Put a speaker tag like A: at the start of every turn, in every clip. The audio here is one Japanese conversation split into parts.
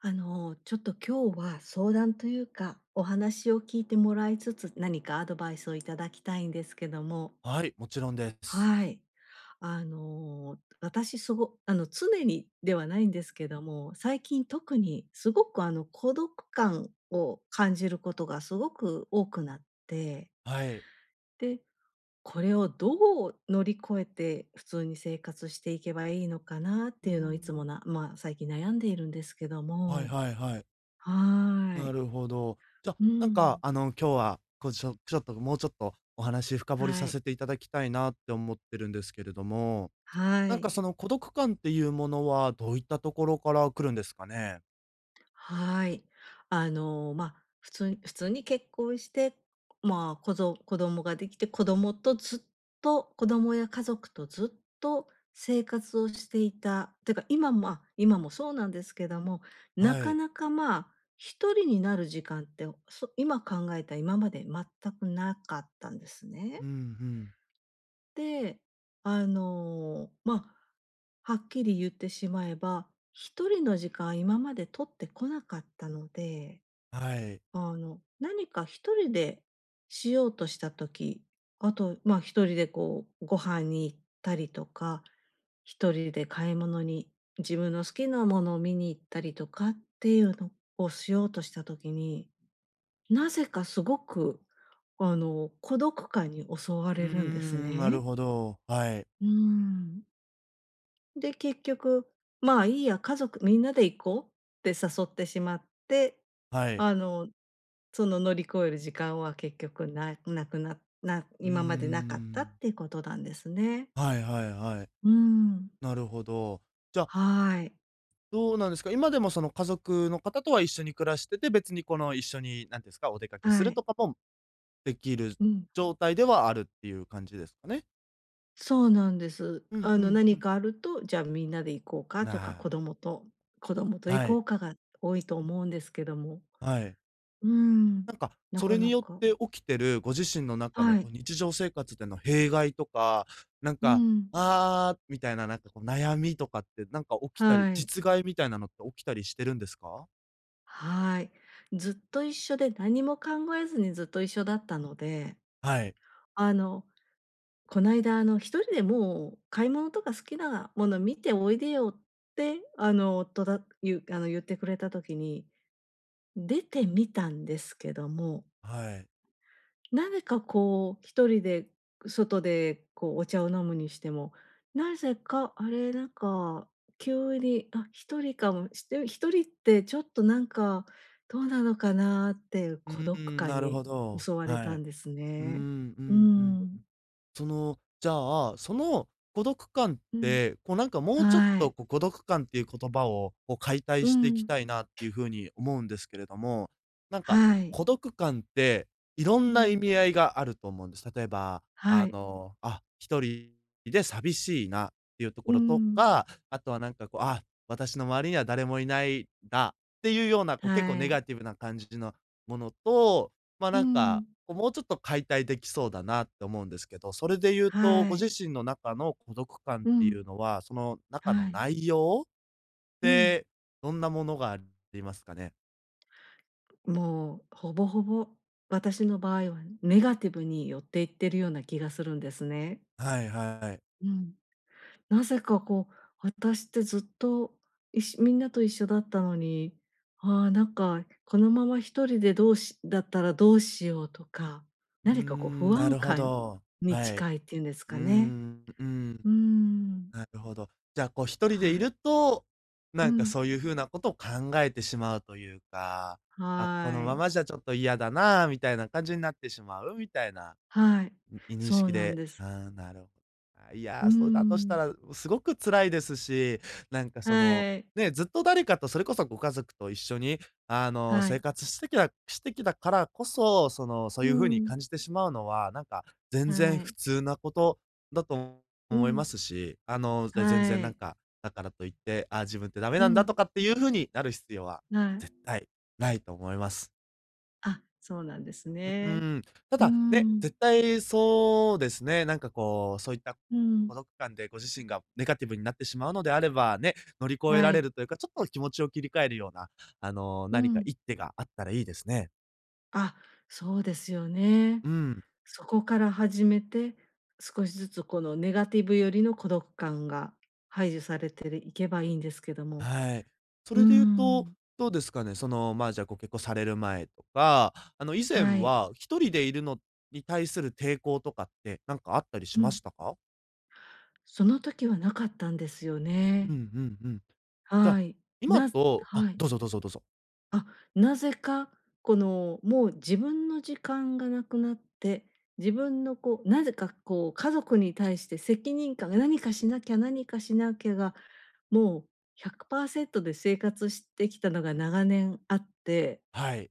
A: あの、ちょっと今日は、相談というか、お話を聞いてもらいつつ、何かアドバイスをいただきたいんですけども。
B: あ、はり、もちろんです。
A: はい。あの、私すごあの、常にではないんですけども、最近特に、すごく、あの、孤独感を感じることがすごく多くなって。
B: はい。
A: で、これをどう乗り越えて、普通に生活していけばいいのかなっ
B: う
A: て
B: ー
A: いうのを、いつも
B: ん。
A: なま、最近悩んでいるんですけど
B: はい
A: も。
B: はいはい。
A: は
B: な
A: い。
B: るほど。じゃ、
A: うー
B: なんか、
A: ん。
B: あの、今日は、こうちょちょっと、ごもうちょっとお話深掘り
A: は
B: さ
A: い。
B: せていただきたいなって思ってるんですけれども、
A: は
B: なんか
A: い。
B: その孤独感っていうものは、どういったところから来るんですかね？
A: はい。あの、ま、普通普通に結婚して、ま、こぞ子供ができて、子供とずっと子供や家族とずっと生活をしていた、ってか今もあ、今もそうなんですけども、な
B: は
A: か
B: い。
A: なかまあ、一人になる時間ってを、そ今考えた、今まで全く無かったんですね。
B: うんうん。
A: で、あの、ま、はっきり言ってしまえば、一人の時間、今まで取ってこなかったので、
B: はい。
A: あの、何か一人でしようとした時、あと、ま、一人でこう、ご飯に行ったりとか、一人で買い物に、自分の好きなものを見に行ったりとかっていうのをしようとした時に、なぜかすごく、あの、孤独感に襲わ
B: う
A: れるんです
B: ん、なる
A: ね。
B: ほど、はい。
A: うーん。で、結局「まあ、いいや、家族みんなで行こう」って誘ってしまって、
B: はい。
A: あの、その乗り越える時間は結局ななくなな
B: うー
A: 今までなかったっ
B: ん。
A: ていうことなんですね。
B: はい、はい、はい。
A: うん。
B: なるほど。じゃ
A: はい。
B: どうなんですか？今でもその、家族の方とは一緒に暮らしてて、別にこの、一緒に、なんてんすか、お出かけす
A: は
B: る
A: い。
B: とぱぽんできる
A: うん。
B: 状態ではあるっていう感じですかね？
A: そうなんです。
B: うん、
A: あ
B: う
A: の、な
B: ん、う
A: に
B: ん。
A: かあると「じゃあ、みんなで行こうか」とか
B: な
A: 「子
B: あ。
A: 供と子供と行
B: は
A: こ
B: い。
A: うか」が多いと思うんですけども。
B: はい。
A: うん、
B: なんか、
A: な
B: そ
A: か
B: れに
A: な
B: よっ
A: か
B: て起きてるご自身の中の
A: はい。
B: こう、日常生活での弊害とか、なん
A: う
B: か
A: ん。
B: 「ああ！」みたいな、なんかこう悩みとかって、なんか起きたり、
A: はい。
B: 実害みたいなのって起きたりしてるんですか？
A: はい。ずっと一緒で、なにも考えずにずっと一緒だったので、
B: はい。
A: あの、こないだ、あの「一人でもう、買い物とか好きなもの見ておいでよ」ってあの、とだゆあの、言ってくれた時に、出てみたんですけども
B: はい。
A: なぜかこう、一人で外でこう、お茶を飲むにしても、なぜか「あれ？」なんか急に「あ、一人かも」して「一人ってちょっと、なんかどうなのかな？」っていう
B: う
A: 孤
B: ー
A: 独
B: ん、
A: 感
B: なる
A: に
B: ほど。
A: 襲われ
B: は
A: たん
B: い。
A: です
B: うーん、
A: ね。
B: う
A: うー
B: ん、うん、う
A: ん。
B: ん。その、じゃあ、その孤独感っ
A: うん。
B: て、こうなんかもうちょっ
A: は
B: と、
A: い。
B: こ孤独感っていう言葉を、こう解体
A: う
B: していき
A: ん。
B: たいなっていうふうに思うんですけれども、なんか、
A: はい。
B: 孤独感っていろ
A: う
B: んな意
A: ん。
B: 味合いがあると思うんです。例えば、
A: は
B: あ
A: い。
B: の「あ、一人で寂しいな」っていうとこ
A: う
B: ろと
A: ん。
B: か、あとはなんかこう「あ、私の周りには誰もいない」だっていうような、こう結構
A: は
B: ネ
A: い。
B: ガティブな感じのものと、まあ、
A: う
B: なんか、
A: ん。
B: こうもうちょっと解体できそうだなって思うんですけど、それで言うと、
A: は
B: ご自
A: い。
B: 身の中の孤独感
A: う
B: っていう
A: ん。
B: のは、その中の
A: はい。
B: 内容？っ
A: うん。
B: て、どんなものがありますかね？
A: もう、ほぼほぼ、私の場合はネガティブに寄っていってるような気がするんですね。
B: はいはい。
A: うん。なぜかこう、私ってずっと、いしみんなと一緒だったのに、ああ、なんかこのまま1人で、どうしだったらどうしようとか。
B: うー
A: 何かこう、
B: ん、
A: 不
B: な
A: 安
B: るほ
A: 感
B: ど。
A: に
B: はい。
A: 近いっていうんです
B: う
A: かね。
B: ん、うん。
A: うーん。
B: なるほど。じゃあ、こう1人で
A: は
B: い
A: い。
B: ると、
A: う
B: なんか
A: ん。
B: そういう風なことを考えてしまうというか。「あ、
A: は
B: この
A: ー
B: ま
A: い。
B: まじゃちょっと嫌だな」みたいな感じになってしまうみたいな、
A: はい、
B: うん、いにし
A: そう
B: き
A: なん
B: で。
A: で
B: あ
A: す。
B: あ、なるほい
A: うー
B: や、そうだとした
A: ん。
B: ら、すごく辛いですし、なんかその、
A: はい。
B: ね、ずっと誰かとそれこそご家族と一緒に、あの、
A: はい。
B: 生活してきたしてきたからこそ、その、そう
A: う
B: いう風に
A: ん。
B: 感じてしまうのは、なんか、全然
A: は
B: 普
A: い。
B: 通なことだと
A: う
B: 思い
A: ん。
B: ますし。あの、ぜ全然
A: は
B: なん
A: い。
B: か、だからといって「あ、自分ってダメ
A: う
B: なんだ」と
A: ん。
B: かっていうふうになる必要は、
A: はい。
B: 絶対ないと思います。
A: あ、そうなんです
B: う
A: ね。
B: ん、た
A: うー
B: だ、ね、
A: ん。
B: 絶対そうですね、なんかこう、そういった、
A: う
B: 孤
A: ん。
B: 独感でご自身がネガティブになってしまうのであれば、ね、乗り越え
A: は
B: られ
A: い。
B: るというか、ちょっと気持ちを切り替えるような、あの、
A: う
B: 何か
A: ん。
B: 一手があったらいいですね。
A: あ、そうですよね。
B: うん。
A: そこから始めて、少しずつ、このネガティブよりの孤独感が排除されていけばいいんですけども。
B: はい。そ
A: う
B: れで言うと、
A: ん。
B: どうですかね、その、まあ、じゃあご結婚される前とか、あの、以前
A: はい。
B: は1人で居るのに対する抵抗とかって、なんかあったり
A: う
B: しま
A: ん。
B: したか？
A: その時はなかったんですよ
B: う
A: ね。
B: んうんうん。じゃあ、
A: はい、
B: 今
A: なす
B: とあ、
A: はい。
B: どうぞどうぞどうぞ。
A: あ、何故か、この、もう自分の時間が無くなって、自分のこう何故かこう家族に対して責任感が「何かしなきゃ、何かしなきゃ」がもう100%で生活してきたのが長年あって。
B: はい。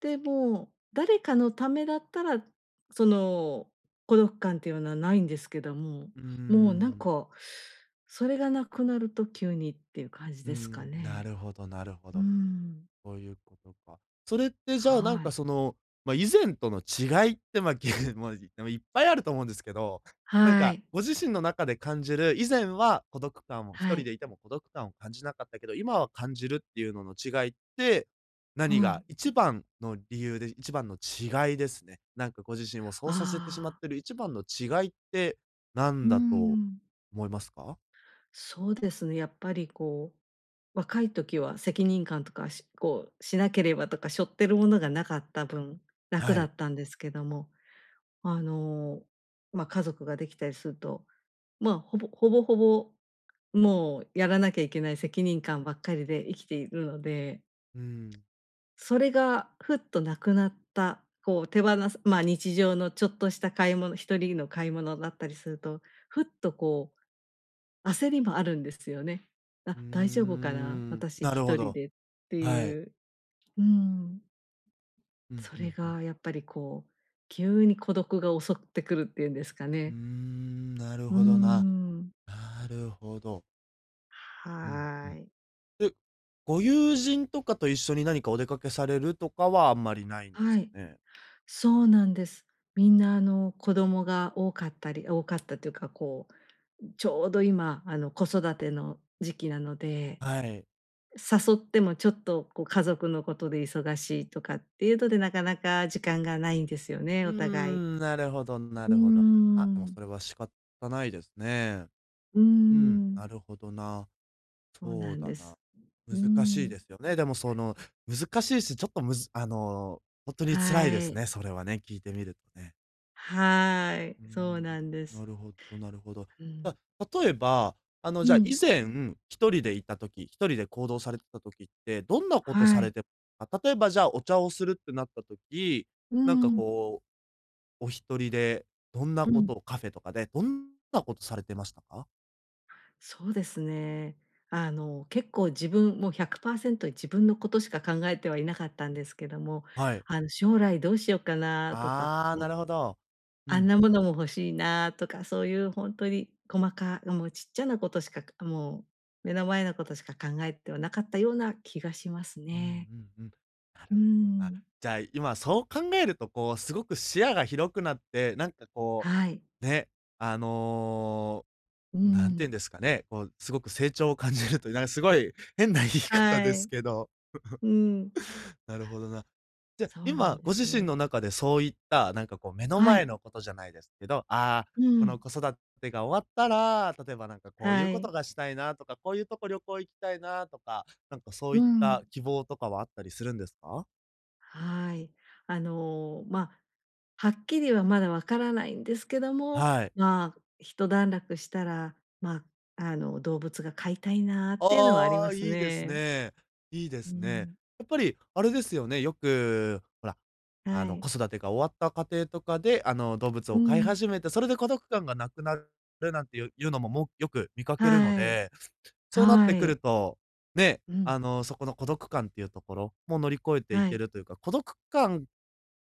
A: でも、誰かのためだったら、その孤独感っていうのはないんですけども、
B: うー
A: もう、なん
B: ん。
A: か、それがなくなると急にっていう感じ
B: う
A: ですか
B: ん、な
A: ね。
B: るほどなるほ
A: うー
B: ど。
A: ん。
B: そういうことか。それって、じゃあ、なん
A: はい。
B: か、その、ま、以前との違いって、ま、でも、いっぱいあると思うんですけど、なん
A: は
B: か、
A: い。
B: ご自身の中で感じる、以前は孤独感をひと
A: は
B: り
A: い。
B: でいても孤独感を感じなかったけど、今は感じるっていうのの違いって、何
A: は
B: が
A: い。
B: 一番の理由で一番の違いですね。なんかご自身をそうさせてしまっ
A: ああ。
B: てる一番の違いってな
A: う
B: ん
A: ー
B: だと
A: ん。
B: 思いますか？
A: そうですね、やっぱり、こう、若い時は責任感とかしこうしなければとか、しょってるものがなかった分、楽
B: は
A: だ
B: い。
A: ったんですけども、あの、ま、家族ができたりすると、ま、ほぼほぼほぼ、もうやらなきゃいけない責任感ばっかりで生きているので。
B: うーん。
A: それがふっとなくなった、こう、手放すま、日常のちょっとした買い物1人の買い物だったりすると、ふっと、こう、焦りもあるんですよね。
B: うー
A: あ、大丈夫かな、
B: ん、
A: 私
B: な
A: ひ
B: るほ
A: とり
B: ど。
A: でって
B: はい。
A: いう。うーん。
B: うん
A: そ
B: う
A: れ
B: んうん。
A: が、やっぱり、こう、急に孤独が襲ってくるっていうんですか
B: うー
A: ね。
B: ん、なる
A: うー
B: ほどな。
A: ん。
B: なるほど。うんう
A: は
B: ん。
A: い。
B: で、ご友人とかと一緒に何かお出かけされるとかはあんまりないんで
A: は
B: す
A: い、
B: かね。
A: そうなんです。みんなあの子供が多かったり多かったというか、こう、ちょうど今あの子育ての時期なので
B: はい。
A: 誘ってもちょっとこう家族のことで忙しいとかっていうので、なかなか時間がないんですよ
B: う
A: ね、
B: ー
A: お互い。
B: ん、なるほどな
A: うー
B: るほど。あ、でも
A: ん。
B: それは仕方ないですね。
A: うー
B: うん、
A: ん。
B: なるほどな。
A: そう
B: そう
A: なん
B: だ
A: で
B: な。
A: す。うー
B: 難しいで
A: ん。
B: すよね。でもその、難しいし、ちょっとむずあの、本当に辛い
A: は
B: です
A: い。
B: ね、それはね、聞いてみるとね。
A: はい、
B: うー
A: そう
B: ん、
A: なんです。
B: なるほどなるほど。
A: う
B: じ
A: ん。
B: ゃ、例えば、あの、
A: う
B: じゃあ、以
A: ん。
B: 前、1人でいた時、1人で行動されてた時って、どんなこと
A: は
B: され
A: い。
B: てた、例えば、じゃあ、お茶をするってなった時、
A: う
B: なんか
A: ん。
B: こう、お1人で、どんな
A: う
B: こ
A: ん。
B: とを、カフェとかで、どんなことされてましたか？
A: そうですね。あの結構自分もう100％自分のことしか考えてはいなかったんですけども、
B: はい。
A: あの将来どうしようかなとか、
B: ああ、
A: ね。
B: なるほど。う
A: あん
B: ん。
A: なものも欲しいなとか、そういう本当に細かもうちっちゃなことしかもう目の前のことしか考えてはなかったような気がします
B: うんう
A: ね。
B: んうん。な
A: うー
B: るほどな、
A: ん。
B: じゃあ、今そう考えると、こうすごく視野が広くなって、なんかこ
A: はい。
B: うね、あの、
A: う
B: なんて
A: ん。
B: いうんですかね、こうすごく成長を感じると、なんかすごい変な言い方
A: は
B: です
A: い。
B: けど。
A: うん。
B: なるほどな。じゃ、
A: そうなん
B: 今
A: で
B: ご
A: す
B: 自身
A: ね。
B: の中でそういった、なんかこう目の
A: は
B: 前
A: い。
B: のことじゃないですけど、ああ、
A: う
B: この
A: ん。
B: 子育てが終わったら、例えばなんかこういう
A: は
B: こと
A: い。
B: がしたいなとか、こういうとこ旅行行きたいなとか、なんかそ
A: う
B: ういった
A: ん。
B: 希望とかはあったりするんですか？
A: はい。あの、まあ、はっきりはまだわからないんですけども、
B: はい。
A: まあ、ひと段落したら、ま、あの、動物が飼いたいなっていうのはあり
B: あ
A: ま
B: あ、
A: す
B: いいです
A: ね。
B: ね。いいで
A: う
B: すね。
A: ん。
B: やっぱり、あれですよね、よく、ほら、あ
A: は
B: の、
A: い。
B: 子育てが終わった家庭とかで、あの、動物
A: う
B: を飼い
A: ん。
B: 始めて、それで孤独感がなくなるるなんていうのもも、よく見かけるの
A: はい。
B: で、そうなっ
A: は
B: てく
A: い。
B: ると、ね、
A: うん。
B: あの、そこの孤独感っていうところも乗り越えてい
A: は
B: け
A: い。
B: るというか、孤独感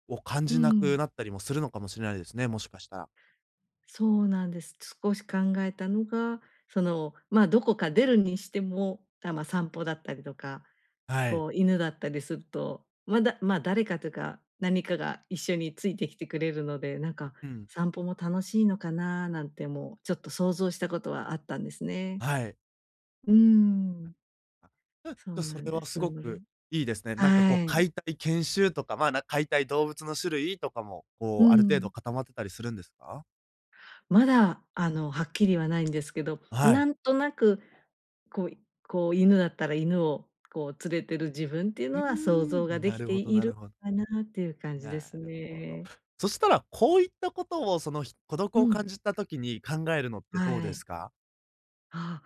B: を感
A: う
B: じなく
A: ん。
B: なったりもするのかもしれないですね、もしかしたら。
A: そうなんです。少し考えたのが、その、ま、どこか出るにしても、あ、ま、散歩だったりとか、
B: はい。
A: こう犬だったりすると、まだ、ま、誰かというか何かが一緒についてきてくれるので、なんか
B: うん。
A: 散歩も楽しいのかな？なんてもうちょっと想像したことはあったんですね。
B: はい。
A: うーん。
B: うん、
A: そ
B: と
A: うな
B: そ
A: ん
B: れ
A: で
B: は
A: す。
B: す
A: な
B: ご
A: ので
B: くいいですね。なんかこう
A: は
B: 飼
A: い。
B: いたい犬種とか、ま、なん飼いたい動物の種類とかも、
A: う
B: こう、ある程度
A: ん。
B: 固まってたりするんですか？
A: まだ、あの、はっきりはないんですけど、
B: あ、は
A: な
B: い。
A: んとなく、こう、いこう、犬だったら、犬をこう連れてる自分っていう
B: う
A: の
B: ー
A: は想像が
B: ん。
A: 出
B: な
A: 来
B: る
A: て
B: ほど
A: い
B: なる
A: る
B: ほ
A: かなっていう感じで
B: な
A: す
B: るほど。
A: ね。
B: そしたら、こういったことを、そのひ孤独
A: う
B: を
A: ん。
B: 感じた時に考えるのってどう
A: は
B: で
A: い。
B: すか？
A: あ、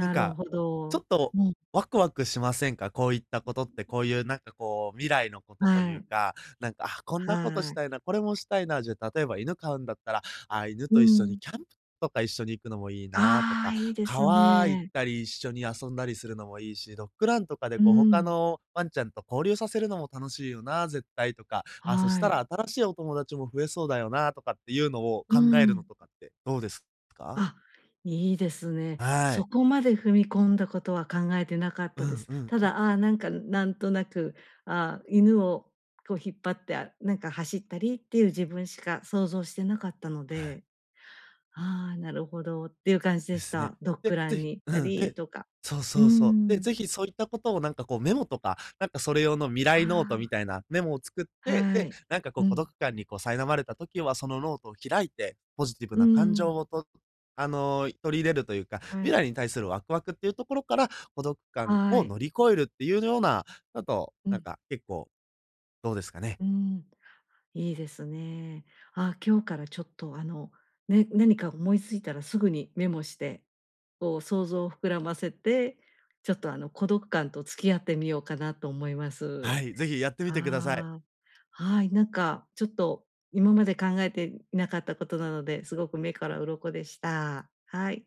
B: なん
A: る
B: か、
A: ほ
B: ちょっ
A: ど。
B: と
A: うん。
B: ワクワクしませんか、こういったことって。こういう、なん
A: [unintelligible]
B: か、こう、未来のことと
A: は
B: いう
A: い。
B: か、なんか、「あ、こんなことし
A: はい。
B: たいな、これもしたいな」じゃ、例えば犬飼うんだったら、「あ、犬
A: う
B: と一緒に
A: ん。
B: キャンプとか一緒に行くのもいいな」と
A: あ
B: か、
A: あ、いいです
B: 「川行っ
A: ね。
B: たり一緒に遊んだりするのもいいし、ドッグランとかで、
A: うー
B: こう、他
A: ん。
B: のワンちゃんと交流させるのも楽しいよな、絶対」とか、「あ、そし
A: は
B: た
A: い。
B: ら新しいお友達も増えそうだよな」とかっていうのを、
A: うー
B: 考えるの
A: ん。
B: とかってどうですか？
A: あ、いいですね。
B: は
A: そ
B: い。
A: こまで踏み込んだことは考えてなかっ
B: う
A: たで
B: ん
A: す。
B: うん、
A: た
B: う。
A: だ、ああ、なんか、なんとなく、ああ、犬をこう引っ張ってなんか走ったりっていう自分しか想像してなかったので、ああ、なるほどっていう感じで
B: で
A: し
B: すね。
A: た。ドッ
B: え、
A: グラ
B: 是
A: ンに
B: 非
A: 行っ
B: う
A: た
B: ん。
A: り、
B: で
A: とか。
B: そう
A: うー
B: そうそう。で、是
A: ん。
B: 非そういったことを、なんか、こう、メモとか、なんかそれ用の未
A: あ
B: 来ノート
A: あ。
B: みたいなメモを作って、
A: は
B: で、
A: い。
B: なんか、こう、
A: う
B: 孤独
A: ん。
B: 感に、こう、苛まれた時はそのノートを開いて、ポジティブ
A: うー
B: な感情
A: ん。
B: をとあの、取り入れるというか、
A: は
B: 未
A: い。
B: 来に対するワクワクっていうところから、孤独感
A: は
B: を
A: い。
B: 乗り越えるっていうようなあと、
A: う
B: なん
A: ん。
B: か結構、どうですかね。
A: うーん。いいですね。ああ、今日からちょっと、あの、ね、何か思いついたらすぐにメモして、こう想像を膨らませて、ちょっと、あの、孤独感と付き合ってみようかなと思います。
B: はい、是非やってみてください。
A: ああ、はい、なんか、ちょっと、今まで考えていなかったことなので、すごく目から鱗でした。はい。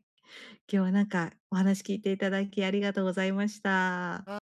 A: 今日はなんか、お話聞いていただきありがとうございました。
B: わ...